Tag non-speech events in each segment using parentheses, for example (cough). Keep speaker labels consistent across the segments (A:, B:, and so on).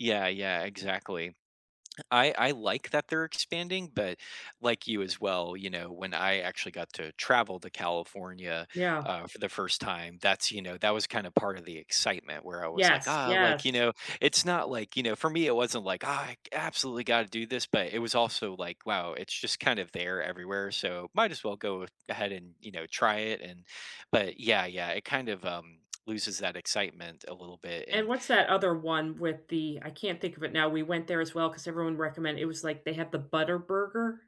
A: Yeah, yeah, exactly. I I like that they're expanding, but like you as well, you know, when I actually got to travel to California,
B: Yeah.
A: uh, for the first time, that's, you know, that was kinda part of the excitement where I was like,
B: Yes,
A: “Ah,” like,
B: yes.
A: you know, it's not like, you know, for me, it wasn't like, “Ah, I absolutely gotta do this,” but it was also like, wow, it's just kind of there everywhere, so might as well go ahead and, you know, try it, and but yeah, yeah, it kind of, um, loses that excitement a little bit,
B: And
A: and
B: what's that other one with the I can't think of it now, we went there as well ‘cause everyone recommend it was like they have the Butter Burger.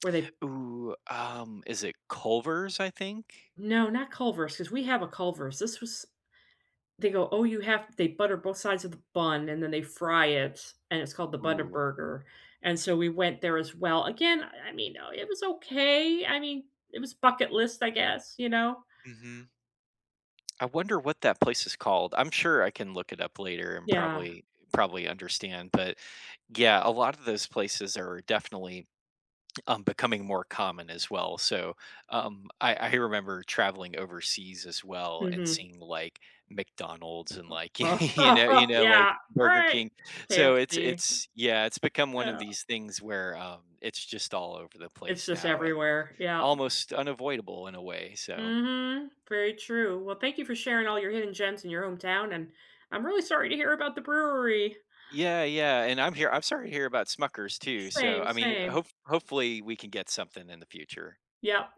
B: Where they
A: Ooh, um, is it Culver's, I think?
B: No, not Culver's ‘cause we have a Culver's, this was They go, “Oh, you have “They butter both sides of the bun and then they fry it, and it's called the Butter
A: Ooh.
B: Burger, and so we went there as well, again, I I mean though, it was okay, I mean, it was bucket list, I guess, you know?
A: Mhm. I wonder what that place is called, I'm sure I can look it up later and
B: Yeah.
A: probably probably understand, but, yeah, a lot of those places are definitely, um, becoming more common as well, so, um, I I remember traveling overseas as well and
B: Mhm.
A: seeing, like, McDonald's and, like, (chuckles) you know you
B: (laughs)
A: know, like
B: Yeah,
A: Burger
B: right.
A: King. So it's
B: KFC.
A: it's yeah, it's become one of
B: Yeah.
A: these things where, um, it's just all over the
B: It's
A: place
B: just
A: now and
B: everywhere, yeah.
A: almost unavoidable in a way, so
B: Mhm, very true, well thank you for sharing all your hidden gems in your hometown, and I'm really sorry to hear about the brewery.
A: Yeah, yeah, and I'm hear I'm sorry to hear about Smucker's too, so,
B: Same,
A: I mean,
B: same.
A: hopef hopefully, we can get something in the future.
B: Yep.